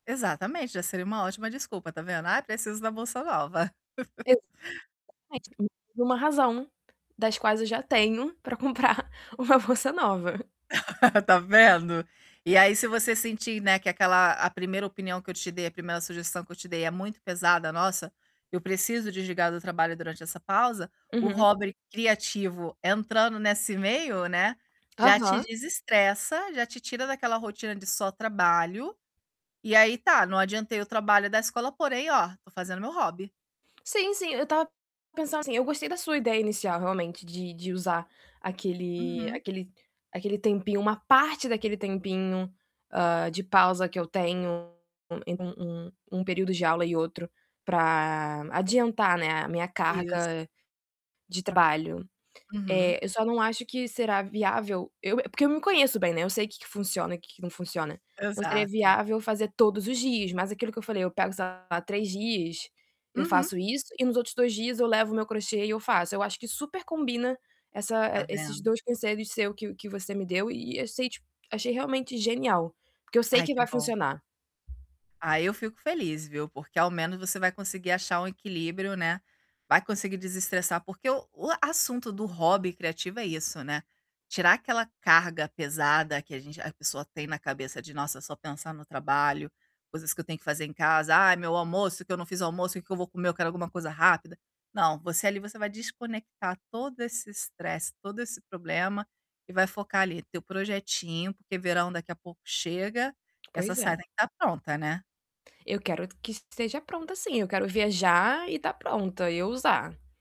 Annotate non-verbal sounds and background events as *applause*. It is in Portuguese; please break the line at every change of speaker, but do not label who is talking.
Exatamente, já seria uma ótima desculpa, está vendo: "Ah, preciso da bolsa nova". *chuckles*
Exatamente. U uma razão, das quais eu já tenho, para comprar uma bolsa nova.
*laughs* Está vendo? E aí se você sentir, né, que aquela a 1ª opinião que eu te dei, a 1ª sugestão que eu te dei é muito pesada, "Nossa, eu preciso desligar do trabalho durante essa pausa", o
Uhum.
hobby criativo entrando nesse meio, né, já te
Aham.
desestressa, já te tira daquela rotina de só trabalho, e aí, tá: "Não adiantei o trabalho da escola porém, ó, estou fazendo meu hobby".
Sim, sim, eu estava pensando assim. Eu gostei da sua ideia inicial, realmente, de de usar aquele
Uhum.
aquele aquele tempinho, uma parte daquele tempinho, hã, de pausa que eu tenho, em um um período de aula e outro, para adiantar, né, a minha
Isso.
carga de trabalho.
Uhum.
Eh, eu só não acho que será viável eu é porque eu me conheço bem, né, eu sei que que funciona e que que não funciona. Não seria
Exato.
viável fazer todos os dias, mas aquilo que eu falei, eu pego, sei lá, 3 dias, eu
Uhum.
faço isso e nos outros 2 dias eu levo o meu crochê e eu faço. Eu acho que super combina essa
Tá
e esses
vendo?
2 conselhos seu que que você me deu e eu sei, ti achei realmente genial, porque eu sei
Ai,
que
que
vai
bom.
funcionar.
Aí eu fico feliz, viu, porque ao menos você vai conseguir achar um equilíbrio, né. Vai conseguir desestressar, porque o o assunto do hobby criativo é isso, né, tirar aquela carga pesada que a gente a pessoa tem na cabeça de nossa, só pensar no trabalho, coisas que eu tenho que fazer em casa, "Ai, meu almoço, o que eu não fiz almoço, o que que vou comer, eu quero alguma coisa rápida". Não. Você ali, você vai desconectar todo esse estresse, todo esse problema e vai focar ali teu projetinho, porque verão daqui a pouco chega, essa
Pois é.
saia tem que estar pronta, né.
Eu quero que esteja pronta sim, eu quero viajar e estar pronta, e eu usar.